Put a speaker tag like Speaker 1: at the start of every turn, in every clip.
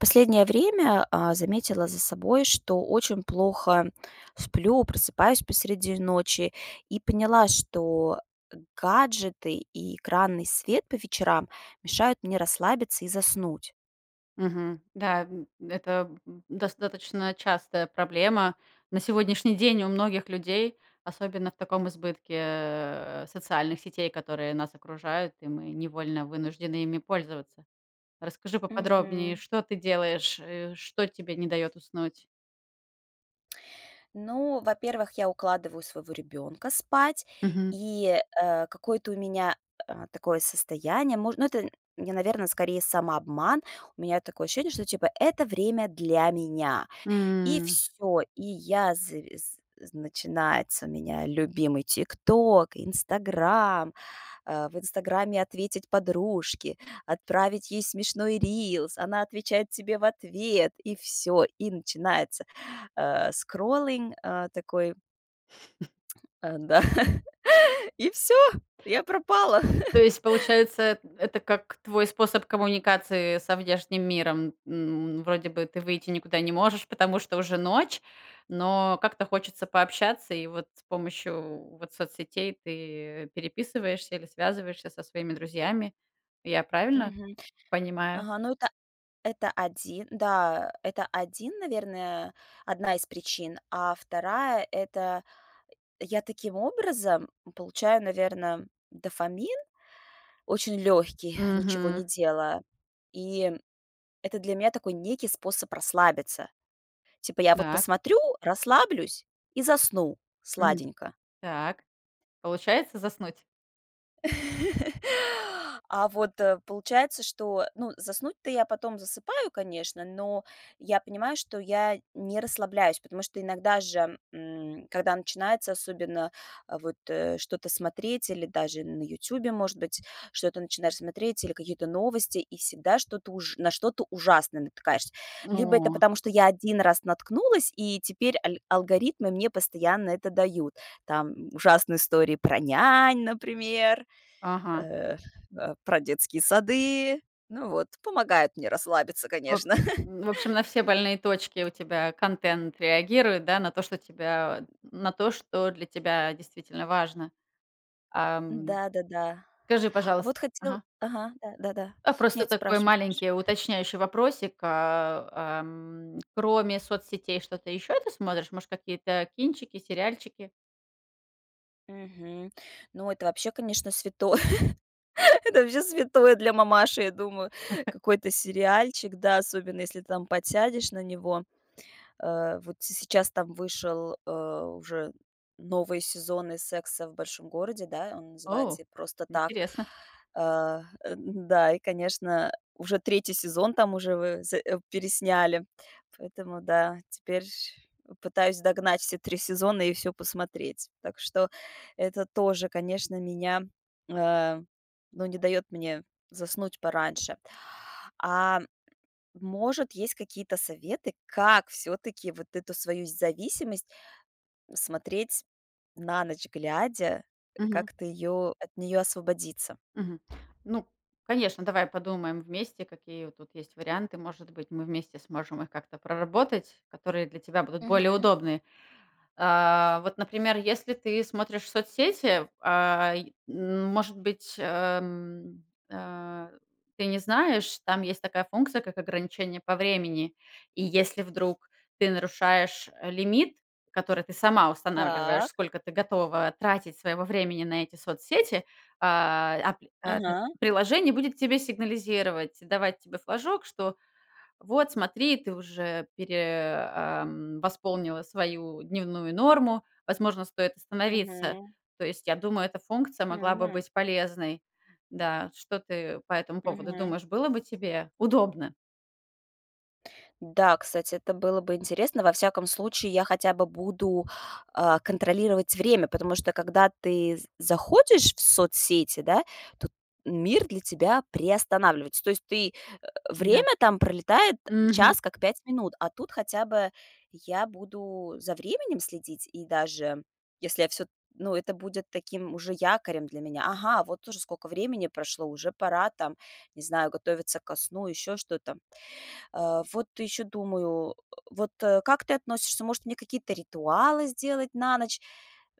Speaker 1: Последнее время, а, заметила за собой, что очень плохо сплю, просыпаюсь посреди ночи и поняла, что гаджеты и экранный свет по вечерам мешают мне расслабиться и заснуть.
Speaker 2: Мгм. Да, м, это, м, достаточно частая проблема на сегодняшний день у многих людей, особенно в таком избытке, э, социальных сетей, которые нас окружают, и мы невольно вынуждены ими пользоваться. Расскажи поподробнее,
Speaker 1: Мгм.
Speaker 2: что ты делаешь, э, что тебе не дает уснуть?
Speaker 1: Ну, во-первых, я укладываю своего ребёнка спать
Speaker 2: Мгм.
Speaker 1: и, э, какое-то у меня, э, такое состояние, мож ну это, я наверно, скорее самообман. У меня такое ощущение, что типа это время для меня. И
Speaker 2: М.
Speaker 1: всё, и я завис з начинается у меня любимый "Тикток", "Инстаграм". А, в "Инстаграме" ответить подружке, отправить ей смешной рилс, она отвечает тебе в ответ. И всё, и начинается, а, скроллинг, а, такой.
Speaker 2: М.
Speaker 1: Э, да, и всё, я пропала.
Speaker 2: То есть, получается, эт это как твой способ коммуникации со внешним миром. М, вроде бы ты выйти никуда не можешь, потому что уже ночь, но как-то хочется пообщаться, и вот с помощью вот соцсетей ты переписываешься или связываешься со своими друзьями. Я правильно
Speaker 1: Мгм.
Speaker 2: понимаю?
Speaker 1: Ага, ну это это 1. Да, это 1, наверное, 1 из причин. А 2 - это, э, я таким образом получаю, наверно, дофамин, очень лёгкий, ничего не
Speaker 2: Мгм.
Speaker 1: делая. И это для меня такой некий способ расслабиться. Типа я вот
Speaker 2: Так.
Speaker 1: посмотрю, расслаблюсь и засну
Speaker 2: Мгм.
Speaker 1: сладенько.
Speaker 2: Так. Получается заснуть?
Speaker 1: А вот, э, получается, что ну заснуть-то я потом засыпаю, конечно. Но я понимаю, что я не расслабляюсь, потому что иногда же, м, когда начинается особенно, а, вот, э, что-то смотреть или даже на "Ютубе", может быть, что-то начинаешь смотреть, или какие-то новости, и всегда на что-то ужа на что-то ужасное натыкаешься. Либо это
Speaker 2: О.
Speaker 1: потому, что я 1 раз наткнулась, и теперь аль алгоритмы мне постоянно это дают. Там ужасные истории про нянь, например,
Speaker 2: Ага.
Speaker 1: э, а, про детские сады. Ну вот, помогают мне расслабиться,
Speaker 2: Воб
Speaker 1: конечно.
Speaker 2: в общем, на все больные точки у тебя контент реагирует, да? На то, что тебя, на то, что для тебя действительно важно. Ам.
Speaker 1: Да-да-да.
Speaker 2: Скажи,
Speaker 1: А
Speaker 2: пожалуйс
Speaker 1: вот хотел
Speaker 2: ага.
Speaker 1: ага, да, да-да.
Speaker 2: А просто
Speaker 1: Нет,
Speaker 2: такой
Speaker 1: спрашивай, спраши
Speaker 2: маленький уточняющий вопросик, а, ам. Кроме соцсетей, что-то еще ты смотришь? Может, какие-то кинчики, сериальчики?
Speaker 1: Мгм. Ну это вообще, конечно, святое. Это вообще святое для мамаши, я думаю. Какой-то сериальчик, да, особенно если там подсядешь на него. Э, вот се сейчас там вышел, а, уже новый сезон из "Секса в Большом Городе", да, он
Speaker 2: О!
Speaker 1: называется "И просто так".
Speaker 2: Интересно.
Speaker 1: А, э, н-да, и конечно, уже 3 сезон там уже ве з э, пересняли. Поэтому да, теперь ш пытаюсь догнать все 3 сезона и всё посмотреть. Так что, это тоже, конечно, меня, а, ну, не даёт мне заснуть пораньше. А, может есть какие-то советы, как всё-таки вот эту свою зависимость смотреть на ночь глядя, э,
Speaker 2: Мгм.
Speaker 1: как-то её от неё освободиться?
Speaker 2: Мгм. Ну, конечно, давай подумаем вместе, какие вот тут есть варианты. Может быть, мы вместе сможем их как-то проработать, которые для тебя будут более
Speaker 1: Мгм.
Speaker 2: удобные. А вот, например, если ты смотришь соцсети, а, е ну, может быть, эм, а, ты не знаешь, там есть такая функция, как ограничение по времени. И если вдруг ты нарушаешь, э, лимит, который ты сама устанавливаешь,
Speaker 1: Так.
Speaker 2: сколько ты готова тратить своего времени на эти соцсети, а, ап а пь
Speaker 1: Ага.
Speaker 2: приложение будет тебе сигнализировать, давать тебе флажок, что: "Вот смотри, ты уже пере ам, восполнила свою дневную норму, возможно, стоит остановиться".
Speaker 1: Мгм.
Speaker 2: То есть, я думаю, эта функция могла бы
Speaker 1: Мгм.
Speaker 2: быть полезной, да. Что ты по этому поводу
Speaker 1: Мгм.
Speaker 2: думаешь, было бы тебе удобно?
Speaker 1: Да, кстати, это было бы интересно. Во всяком случае, я хотя бы буду, а, контролировать время, потому что, когда ты з заходишь в соцсети, да, то мир для тебя приостанавливается. То есть ты, э,
Speaker 2: Да.
Speaker 1: время там пролетает-
Speaker 2: Мгм.
Speaker 1: час как 5 минут, а тут хотя бы я буду за временем следить. И даже если я всё т ну, это будет таким уже якорем для меня. Ага, вот уже скока времени прошло, уже пора там, не знаю, готовиться ко сну, еще что-то. Э, вот еще думаю, э, вот, э, как ты относишься, может, мне какие-то ритуалы сделать на ночь?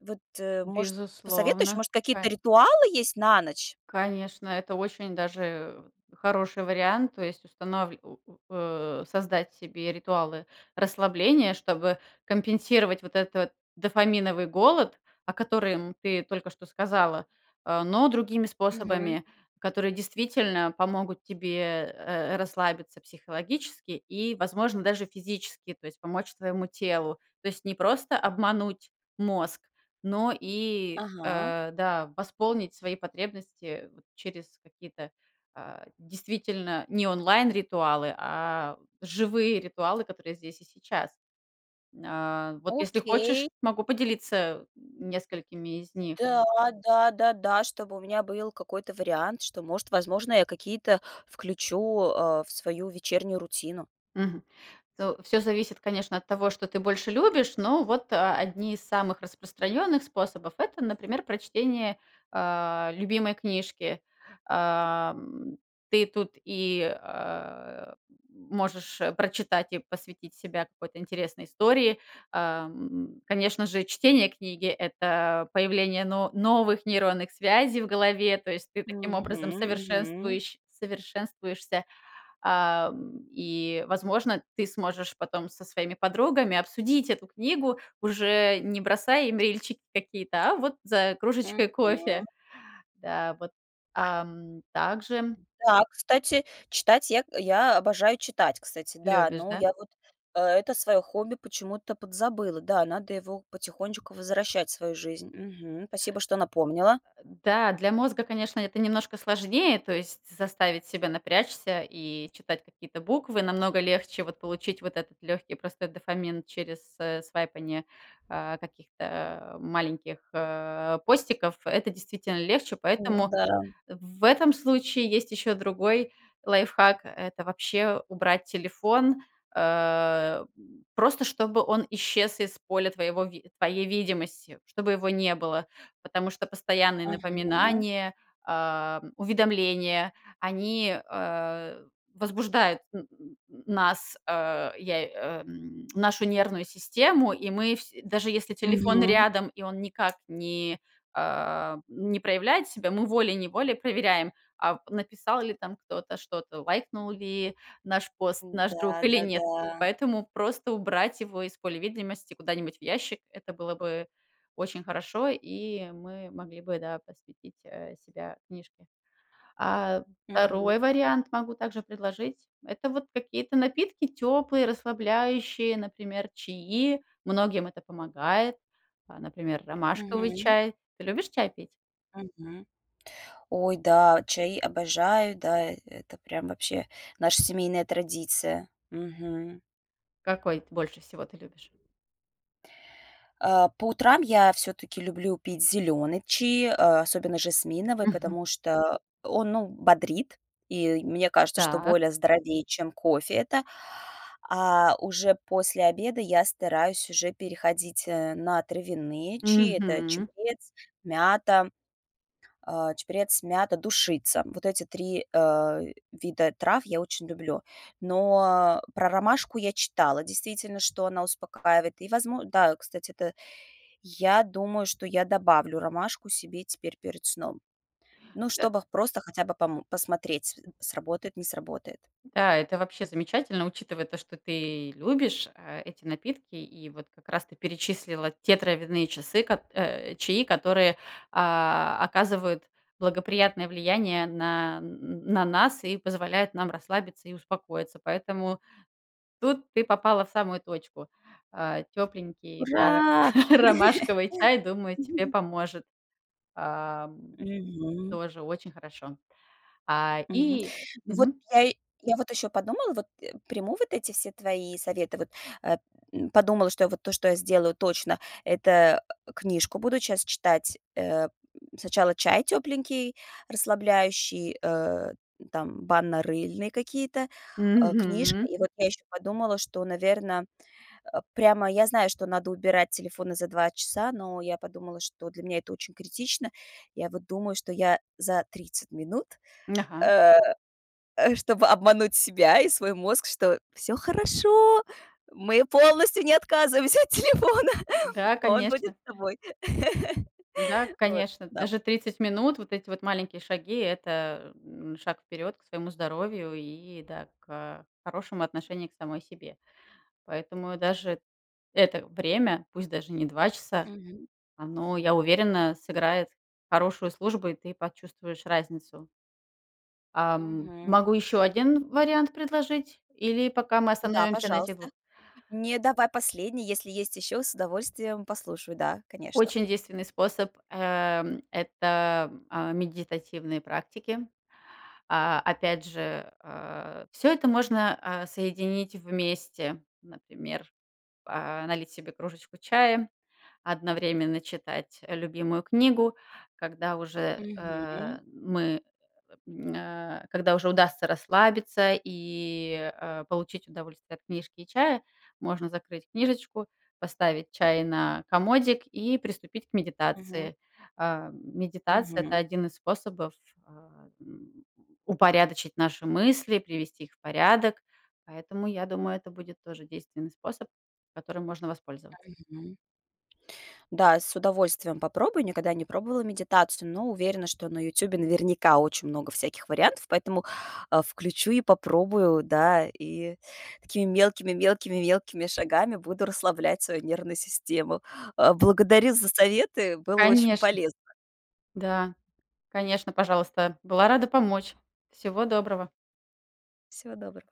Speaker 1: Вот, э, может, посоветуешь?
Speaker 2: Безусловно,
Speaker 1: Может, какие-то
Speaker 2: ка
Speaker 1: ритуалы есть на ночь?
Speaker 2: конечно, это очень даже, э, хороший вариант. То есть устанвль у у о создать себе ритуалы расслабления, чтобы компенсировать вот этот дофаминовый голод, о которым ты только что сказала, а, но другими
Speaker 1: Мгм.
Speaker 2: способами, которые действительно помогут тебе, э, э, расслабиться психологически и, возможно, даже физически, то есть помочь твоему телу. То есть не просто обмануть мозг, но и,
Speaker 1: Ага.
Speaker 2: э, да, восполнить свои потребности вот через какие-то, а, действительно не онлайн ритуалы, а живые ритуалы, которые здесь и сейчас. А, вот если хочешь,
Speaker 1: Окей.
Speaker 2: могу поделиться, м, несколькими из них.
Speaker 1: Да, да, да, да, чтобы у меня был какой-то вариант, что может, возможно, я какие-то включу, э, в свою вечернюю рутину.
Speaker 2: Мгм. Ну, всё зависит, конечно, от того, что ты больше любишь, но вот, а, одни из самых распространенных способов- это, например, прочтение, а, любимой книжки. А, м, ты тут и, а, м, можешь, э, прочитать и посвятить себя какой-то интересной истории. А, м, м, конечно же, чтение книги- это появление но новых нейронных связей в голове, то есть ты таким
Speaker 1: Мгм
Speaker 2: образом
Speaker 1: мгм.
Speaker 2: совершенствующ совершенствуешься, а, м, и, возможно, ты сможешь потом со своими подругами обсудить эту книгу, уже не бросая им рильчики какие-то, а вот за кружечкой кофе.
Speaker 1: Мгм.
Speaker 2: Да вот, ам, также
Speaker 1: Да, кстати, читать я я обожаю читать, кстати, да.
Speaker 2: Любишь,
Speaker 1: Ну
Speaker 2: да?
Speaker 1: я вот, э это свое хобби почему-то подзабыла. Да, надо его потихонечку возвращать в свою жизнь. Мгм. Спасибо, что напомнила.
Speaker 2: А, да, для мозга, конечно, это немножко сложнее, то есть заставить себя напрячься и читать какие-то буквы. Намного легче вот получить вот этот легкий, простой дофамин через, э, свайпанье, а, каких-то маленьких, э, постиков. Это действительно легче,
Speaker 1: Ну
Speaker 2: поэтому
Speaker 1: да.
Speaker 2: в в этом случае есть еще другой лайфхак- это вообще убрать телефон, а, м, просто чтобы он исчез из поля твоего ви твоей видимости, чтобы его не было. Потому что постоянные
Speaker 1: Ага.
Speaker 2: напоминания, а, м, уведомления- они, а, возбуждают н н нас, а, я, э, м, нашу нервную систему, и мы всь даже если телефон
Speaker 1: Мгм.
Speaker 2: рядом и он никак не, а, не проявляет себя, мы волей-неволей проверяем, а, в написал ли там кто-то что-то, лайкнул ли наш пост
Speaker 1: М,
Speaker 2: наш друг или нет.
Speaker 1: да-да-да.
Speaker 2: Поэтому просто убрать его из поля видимости куда-нибудь в ящик- это было бы очень хорошо, и мы могли бы, да, посвятить, э, себя книжке. А
Speaker 1: Мгм.
Speaker 2: 2 вариант могу также предложить- это вот какие-то напитки теплые, расслабляющие, например, чаи, многим это помогает, а, например, ромашковый
Speaker 1: Мгм.
Speaker 2: чай. Ты любишь чай пить?
Speaker 1: Мгм. Ой, да, чаи обожаю, да, э это прям вообще наша семейная традиция. Мгм.
Speaker 2: Какой ты больше всего ты любишь?
Speaker 1: А по утрам я всё-таки люблю пить зелёные чаи, а, особенно жасминовый,
Speaker 2: Мгм.
Speaker 1: потому что он, ну, б бодрит, и мне кажется, что
Speaker 2: Так.
Speaker 1: более здоровее, чем кофе это. А уже после обеда я стараюсь уже переходить, э, на травяные чаи. Это
Speaker 2: Мгм.
Speaker 1: чабрец, мята, а, чабрец, мята, душица. Вот эти 3, э, вида трав я очень люблю. Но а про ромашку я читала, действительно, что она успокаивает. И возмо да, кстати, это я думаю, что я добавлю ромашку себе теперь перед сном. Ну,
Speaker 2: Да.
Speaker 1: чтобы просто хотя бы пом посмотреть,
Speaker 2: М.
Speaker 1: с сработает, не сработает.
Speaker 2: Да, это вообще замечательно, учитывая то, что ты любишь, а, эти напитки, и вот как раз ты перечислила те травяные часы, кот э, чаи, которые, а, оказывают благоприятное влияние на н н на нас и позволяют нам расслабиться и успокоиться. Поэтому тут ты попала в самую точку. А, тепленький, да, р
Speaker 1: Ура!
Speaker 2: ромашковый чай, думаю, тебе поможет, а, м,
Speaker 1: Мгм.
Speaker 2: тоже очень хорошо. А,
Speaker 1: Мгм.
Speaker 2: и
Speaker 1: Ну, вот
Speaker 2: Мгм.
Speaker 1: я я вот ещё подумала, вот, э, приму вот эти все твои советы, вот, э, м, подумала, что я вот то, что я сделаю точно,- это, э, книжку буду час читать. Э, м, сначала чай тёпленький, расслабляющий, э, там банно-рыльные какие-то, а, книжка.
Speaker 2: Мгм.
Speaker 1: И вот я ещё подумала, что, наверно, э, прямо я знаю, что надо убирать телефоны за 2 часа, но я подумала, что для меня это очень критично. Я вот думаю, что я за 30 минут,
Speaker 2: М, ага.
Speaker 1: э, э, чтобы обмануть себя и свой мозг, что: всё хорошо, мы полностью не отказываемся от телефона,
Speaker 2: Да,
Speaker 1: он будет
Speaker 2: конечно.
Speaker 1: с тобой.
Speaker 2: Да, к
Speaker 1: Вот,
Speaker 2: конечно,
Speaker 1: да.
Speaker 2: даже 30 минут, вот эти вот маленькие шаги- это, э, м, шаг вперед к своему здоровью и, да, к, а, хорошему отношению к самой себе. Поэтому даже это время, пусть даже не 2 часа,
Speaker 1: Мгм.
Speaker 2: оно, я уверена, сыграет хорошую службу, и ты почувствуешь разницу. Ам,
Speaker 1: Мгм.
Speaker 2: могу еще 1 вариант предложить, или пока мы
Speaker 1: Да,
Speaker 2: остановимся на этих
Speaker 1: пожалуйста.
Speaker 2: 2?
Speaker 1: Не, давай последний, если есть ещё с удовольствием послушай. Да, конечно.
Speaker 2: Очень действенный способ- а, м, это, м, а, медитативные практики. А, опять же, а, всё это можно, а, соединить вместе. Например, а, налить себе кружечку чая, одновременно читать, э, любимую книгу. Когда уже, э,
Speaker 1: Мгм.
Speaker 2: мы, э э э, м, а, когда уже удастся расслабиться и, а, получить удовольствие от книжки и чая, можно закрыть книжечку, поставить чай на комодик и приступить к
Speaker 1: Мгм.
Speaker 2: медитации. А, м медитация- это
Speaker 1: Мгм.
Speaker 2: 1 из способов, а, м, упорядочить наши мысли, привести их в порядок, поэтому, я думаю, это будет тоже действенный способ, которым можно воспользова
Speaker 1: Мгм. Да, с удовольствием попробую. Никогда не пробовала медитацию, но уверена что на "Ютубе" наверняка очень много всяких вариантов, поэтому, а, включу и попробую, да, и такими мелкими, мелкими, мелкими шагами буду расслаблять свою нервную систему. А,
Speaker 2: М.
Speaker 1: благодарю за советы, было очень
Speaker 2: Конечно.
Speaker 1: полезно.
Speaker 2: Да. Конечно, пожалуйста. Была рада помочь. Всего доброго!
Speaker 1: Всего доброго.